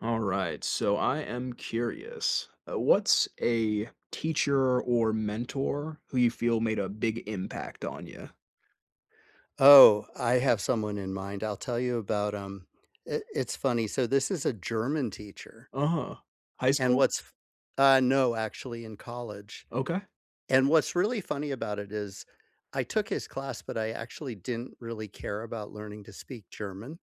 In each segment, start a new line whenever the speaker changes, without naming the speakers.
Alright so I am curious, uh, what's a, teacher or mentor who you feel made a big impact on ya?
Oh, I have someone in mind I'll tell you about 'em, it it's funny so this is a German teacher.
Uh-huh. High
And
school?
what's f Uh, no actually, in college
Okay.
and what's really funny about it is I took his class, but I actually didn't really care about learning to speak German.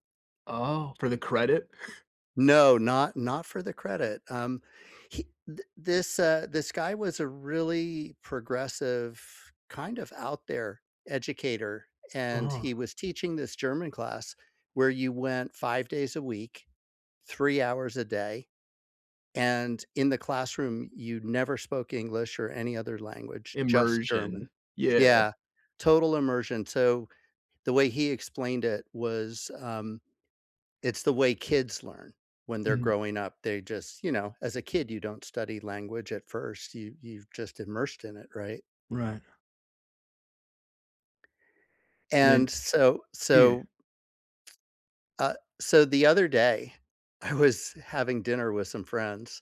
Oh, for the credit?
No not not for the credit, um, he th this uh, this guy was a really progressive, kind of out there educator, and
Uh.
he was teaching this German class where you went 5 days a week, 3 hours a day, and in the classroom, you never spoke English or any other language, just German.
Immersion. Yeah.
Yeah. Total immersion so, the way he explained it was, um, it's the way kids learn when they're
Mhm.
growing up they just you know, as a kid, you don't study language at first. You've you've just immersed in it, right?
Right. And then
And so
Yeah.
so Uh, so the other day, I was having dinner with some friends,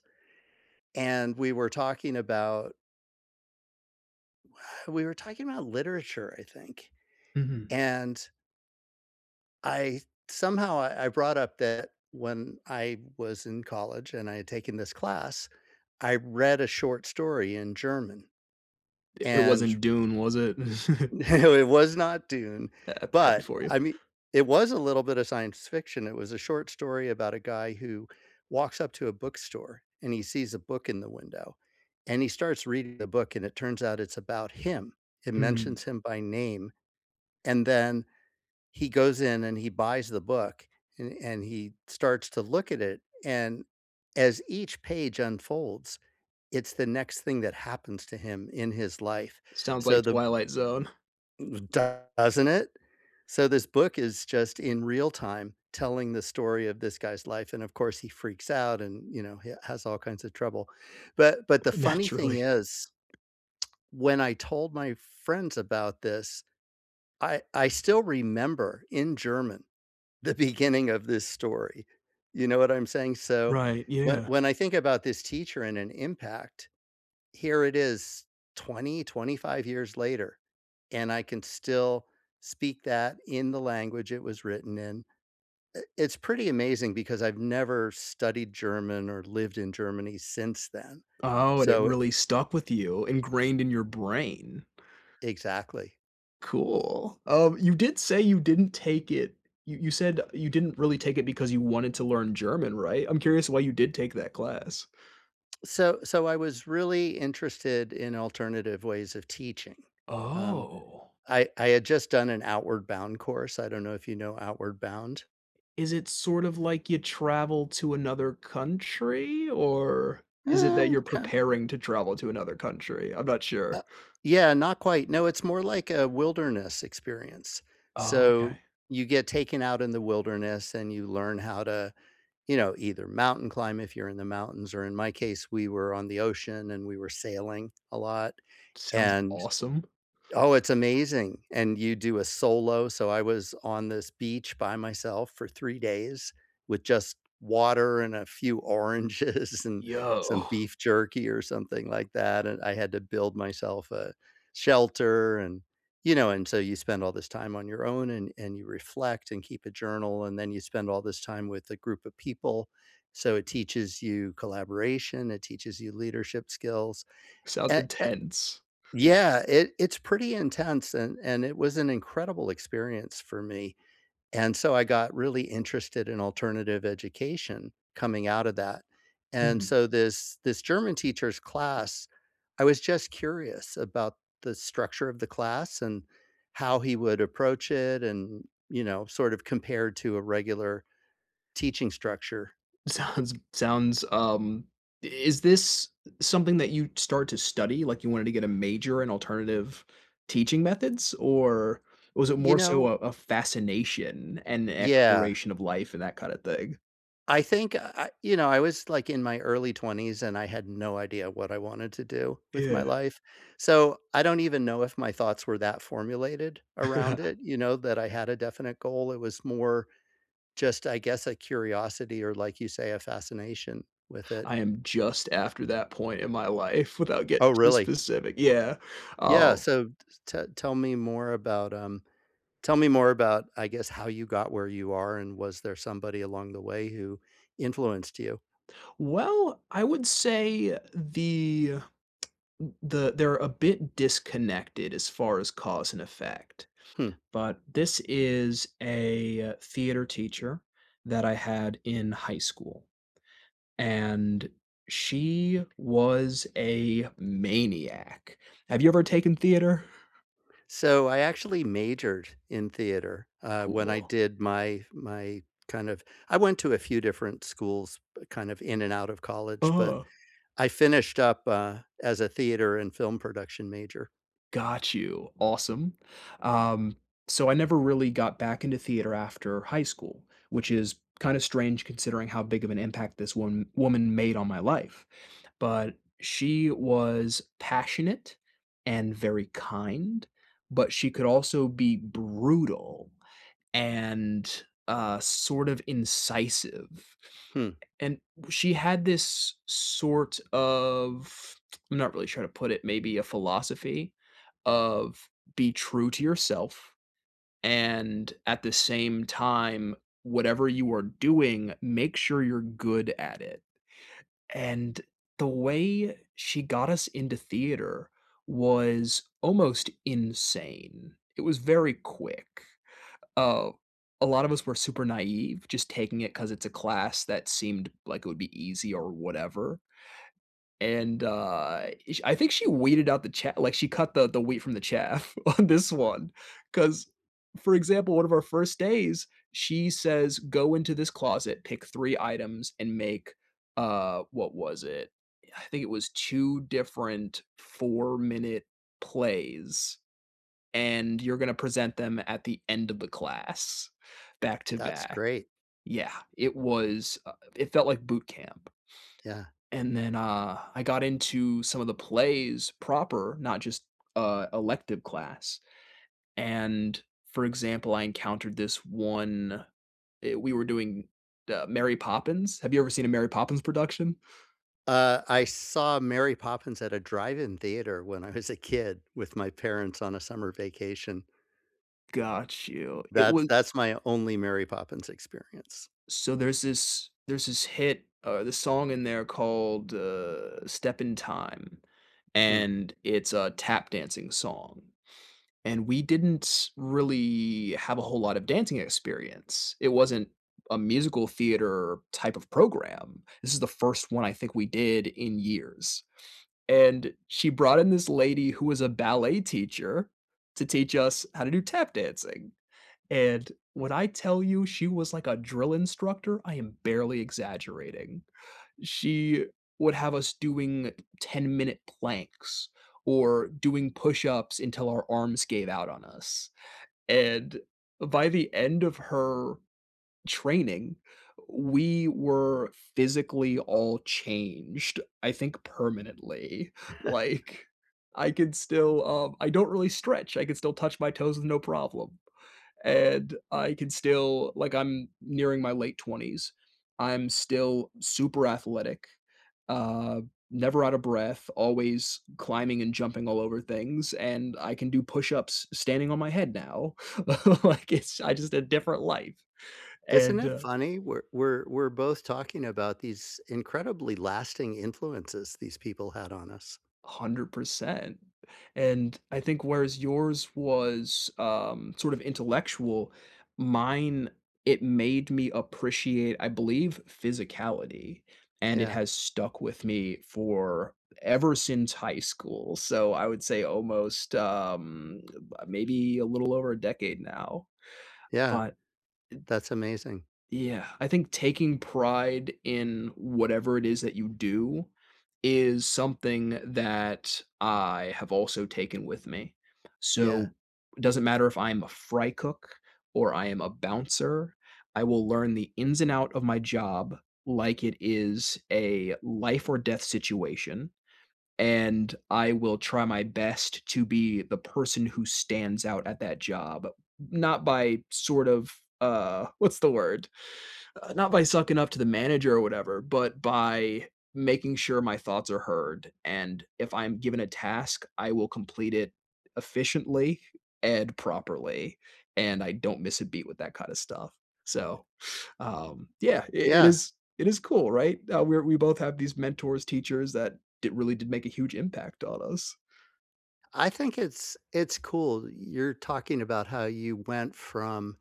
and we were talking about we we were talking about literature, I think,
Mhm.
and I somehow, I I brought up that when I was in college and I had taken this class, I read a short story in German,
I it
and
wasn't Dune, was it?
No, it was not Dune,
Hap happy
but,
for you.
I mean it was a little bit of science fiction, it was a short story about a guy who walks up to a bookstore, and he sees a book in the window, and he starts reading the book, and it turns out it's about him. It mentions
Hmm.
him by name, and then he goes in, and he buys the book, a and he starts to look at it, and as each page unfolds, it's the next thing that happens to him in his life.
Sounds
So
like
the
Twilight Zone.
Doesn't it? So this book is just in real time telling the story of this guy's life, and of course, he freaks out and, you know, he has all kinds of trouble, but but the funny
Naturally.
thing is when I told my friends about this, I I still remember in German the beginning of this story. You know what I'm saying, so
Right,
wh
yeah.
when I think about this teacher and an impact, here it is 20, 25 years later, and I can still speak that in the language it was written in. I it's pretty amazing because I've never studied German or lived in Germany since then.
Oh, and it
So i
really stuck with you ingrained in your brain.
Exactly.
Cool, um, you did say you didn't take it you you said you didn't really take it because you wanted to learn German, right? I'm curious why you did take that class.
So so I was really interested in alternative ways of teaching. Um,
Oh.
I I had just done an Outward Bound course, I don't know if you know Outward Bound?
Is it sort of like you travel to another country, or, is it that
Mm,
you're
ki
preparing to travel to another country? I'm not sure.
Uh Yeah, not quite. No, it's more like a wilderness experience.
Oh, okay.
So, you get taken out in the wilderness, and you learn how to, you know, either mountain climb, if you're in the mountains, or in my case, we were on the ocean, and we were sailing, a lot,
Sounds
and
awesome.
Oh, it's amazing, and you do a solo, so I was on this beach by myself for 3 days, with just water and a few oranges, and some
Yo.
beef jerky, or something like that, and I had to build myself a shelter, and, you know, and so you spend all this time on your own, and and you reflect and keep a journal, and then you spend all this time with a group of people. So, it teaches you collaboration, it teaches you leadership skills.
Sounds
A a
intense.
Yeah, it, it's pretty intense, and and it was an incredible experience for me. And, so I got really interested in alternative education, coming out of that. And
Mhm.
so this this German teacher's class I was just curious about the structure of the class, and how he would approach it and, you know, sort of compared to a regular teaching structure.
Sounds sounds, um i is this something that you'd start to study? Like, you wanted to get a major in alternative teaching methods, or, was it
You
more so
know
a a fascination, and
Yeah.
exploration of life and that kind of thing?
I think uh, I you know, I was, like, in my early 20s, and I had no idea what I wanted to do with my
Yeah.
life, so I don't even know if my thoughts were that formulated around it, you know, that I had a definite goal; it was more just, I guess, a curiosity or, like you say, a fascination with it.
I am just after that point in my life without getting
Oh,
too
really?
specific yeah, uh
Yeah, so t t tell me more about, um, tell me more about, I guess, how you got where you are, and was there somebody along the way who influenced you?
Well, I would say the th the they're a bit disconnected as far as cause and effect,
Hmm.
but this is a theater teacher that I had in high school, and she was a maniac. Have you ever taken theater?
So I actually majored in theater, uh, when I
Cool.
did my my kind of I went to a few different schools kind of in and out of college, but
Uh.
I finished up, uh, as a theater and film production major.
Got you. Awesome. Um, so I never really got back into theater after high school, which is kinda strange considering how big of an impact this one woman made on my life. But she was passionate and very kind, but she could also be brutal, and, uh, sort of incisive,
Hmm.
and she had this sort of I'm not really sure to put it, maybe a philosophy of, "Be true to yourself and at the same time whatever you are doing, make sure you're good at it." and the way she got us into theater was almost insane. It was very quick. Oh, a lot of us were super naive, just taking it 'cause it's a class that seemed like it would be easy or whatever and, uh, ish I think she weeded out the cha like, she cut the the wheat from the chaff on this one. 'Cause, for example, one of our first days, she says, "Go into this closet, pick 3 items, and make, uh" what was it? I think it was 2 different four-minute plays, "and you're gonna present them at the end of the class,
That's
back-to-back."
great.
Yeah. It was, uh It felt like boot camp.
Yeah.
And then, uh, I got into some of the plays proper, not just, uh, elective class, and for example, I encountered this one i we were doing the Mary Poppins. Have you ever seen a Mary Poppins production?
Uh, I saw Mary Poppins at a drive-in theater when I was a kid, with my parents on a summer vacation.
Got you, it
That's
was
that's my only Mary Poppins experience.
So there's this there's this hit, uh, the song in there called, uh, “Step in Time,”
Hmm.
and it's a tap dancing song, and we didn't really have a whole lot of dancing experience, it wasn't a musical-theater-type of program, this is the first one I think we did in years, and she brought in this lady who was a ballet teacher, to teach us how to do tap dancing, and when I tell you she was like a drill instructor, I am barely exaggerating. She would have us doing ten-minute planks or doing push-ups until our arms gave out on us, and by the end of her training, we were physically all changed, I think permanently, like, I could still, um, I don't really stretch, I could still touch my toes with no problem, and I can still, like, I'm nearing my late 20s, I'm still super athletic, um, never out of breath, always climbing and jumping all over things, and I can do push ups standing on my head now, like, it's I just a different life,
Isn't
and,
it
uh
funny? We're we're we're both talking about these incredibly lasting influences these people had on us.
100%, and I think whereas yours was, um, sort of intellectual, mine, it made me appreciate, I believe, physicality, and it
Yeah.
has stuck with me for ever since high school, so I would say almost, um, maybe a little over a decade now,
Yeah.
but, eh
That's amazing.
Yeah, I think taking pride in whatever it is that you do, is something that I have also taken with me,
Yeah.
so it doesn't matter if I'm a fry cook or I am a bouncer, I will learn the ins and out of my job, like it is a life-or-death situation, and I will try my best to be the person who stands out at that job, n not by, sort of uh, what's the word? Uh, not by sucking up to the manager or whatever, but by making sure my thoughts are heard, and if I'm given a task, I will complete it efficiently and properly, and I don't miss a beat with that kind of stuff, so, um, yeah, i it
Yeah.
is it is cool, right? Tha we're we both have these mentors, teachers that did really did make a huge impact on us.
I think it's it's cool. You're talking about how you went from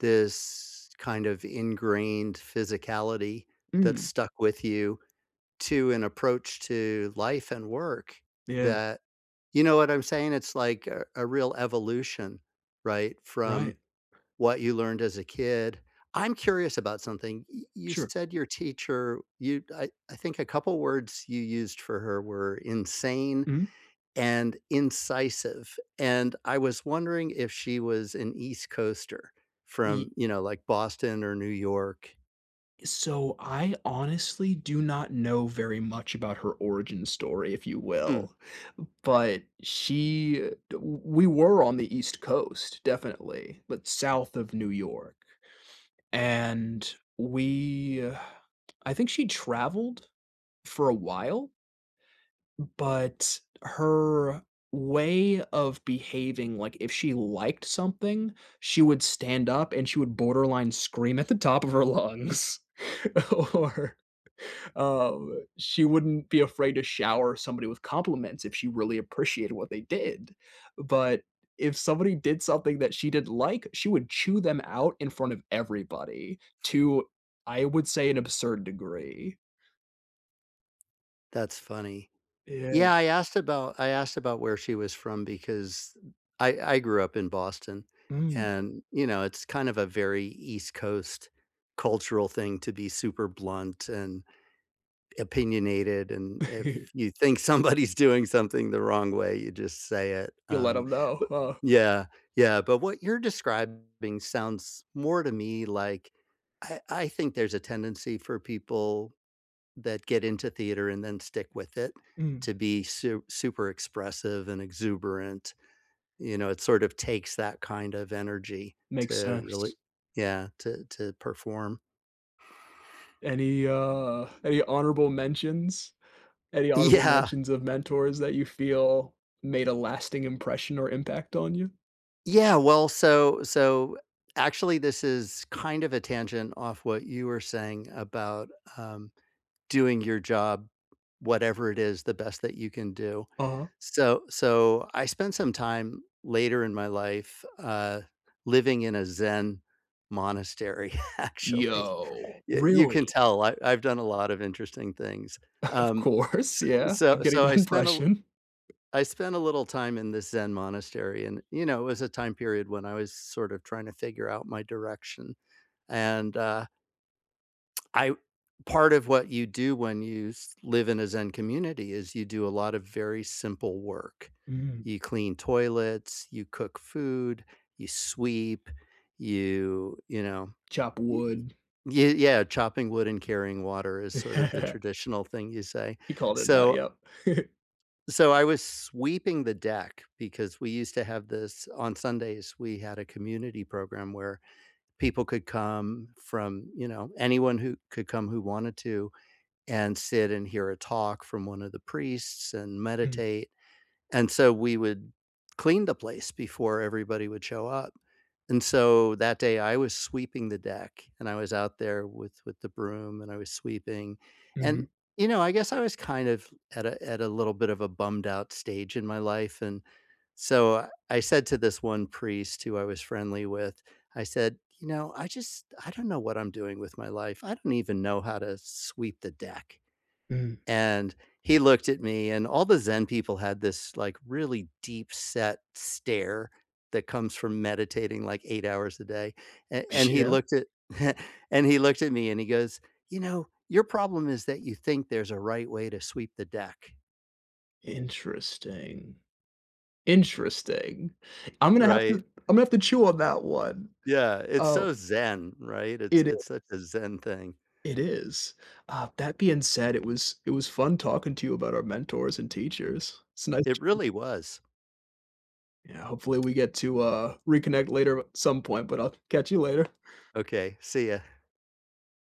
this, kind of, ingrained physicality that
Mm.
stuck with you to an approach to life and work
Yeah.
that you know what I'm saying? It's like a a real evolution, right,
Right.
from what you learned as a kid. I'm curious about something. Y you
Sure.
said your teacher you I I think a couple words you used for her were insane,
Mhm.
and incisive. And I was wondering if she was an East Coaster
Ye
from, you know, like, Boston or New York.
So I honestly do not know very much about her origin story, if you
Hmm.
will, but she w we were on the East Coast, definitely, but south of New York. And we I think she traveled for a while but her way of behaving, like, if she liked something, she would stand up and she would borderline scream at the top of her lungs. Or, um, she wouldn't be afraid to shower somebody with compliments if she really appreciated what they did. But, if somebody did something that she didn't like, she would chew them out in front of everybody, to, I would say, an absurd degree.
That's funny.
Yeah.
Yeah, I asked about I asked about where she was from because I I grew up in Boston.
Mm.
And, you know, it's kind of a very East Coast cultural thing to be super blunt and opinionated, and if you think somebody's doing something the wrong way, you just say it.
You let
Um,
‘em know,
but,
huh?
yeah, yeah, but what you're describing sounds more to me like, I I think there's a tendency for people that get into theater and then stick with it
Mhm.
to be su super expressive and exuberant. You know, it sort of takes that kind of energy
Makes
to really
sense.
yeah, to to perform.
Any, uh, any honorable mentions? Any honorable
Yeah.
mentions of mentors that you feel made a lasting impression or impact on you?
Yeah, well, so so, actually, this is kind of a tangent off what you were saying about, um, doing your job, whatever it is, the best that you can do.
Uh-huh.
So so I spent some time later in my life, uh, living in a Zen monastery, actually.
Yo.
Y you can
Really?
tell. I I've done a lot of interesting things.
Of
Um,
course.
s
Yeah. I'm
so
getting
so I
that
spent a li
impression.
I spent a little time in this Zen monastery, and, you know, it was a time period when I was sort of trying to figure out my direction. And, uh I part of what you do when you s live in a Zen community is you do a lot of very simple work.
Mhm.
You clean toilets, you cook food, you sweep. You you know?
Chop
Y y
wood.
ye yeah, chopping wood and carrying water is sort of the traditional thing you say.
He called it out,
So
yep.
So I was sweeping the deck because we used to have this on Sundays, we had a community program where people could come from, you know, anyone who could come who wanted to and sit and hear a talk from one of the priests and
Mhm.
meditate. And so we would clean the place before everybody would show up. And so that day, I was sweeping the deck, and I was out there with with the broom, and I was sweeping. And,
Mhm.
you know, I guess I was kind of at a at a little bit of a bummed-out stage in my life, and so I said to this one priest who I was friendly with, I said, "You know, I just I don't know what I'm doing with my life. I don't even know how to sweep the deck."
Mhm.
And he looked at me, and all the Zen people had this, like, really deep-set stare that comes from meditating, like, 8 hours a day. A and he
Yeah.
looked at and he looked at me, and he goes, "You know, your problem is that you think there's a right way to sweep the deck."
Interesting. Interesting. I'm gonna have to
Right.
I'm gonna have to chew on that one.
Yeah. It's
Oh
so Zen, right? It's
It is.
it's such a Zen thing.
It is. Uh, that being said, it was it was fun talking to you about our mentors and teachers. It's nice
It
chatting
really was.
Yeah, hopefully, we get to, uh, reconnect later at some point, but I'll catch you later.
Okay. See ya.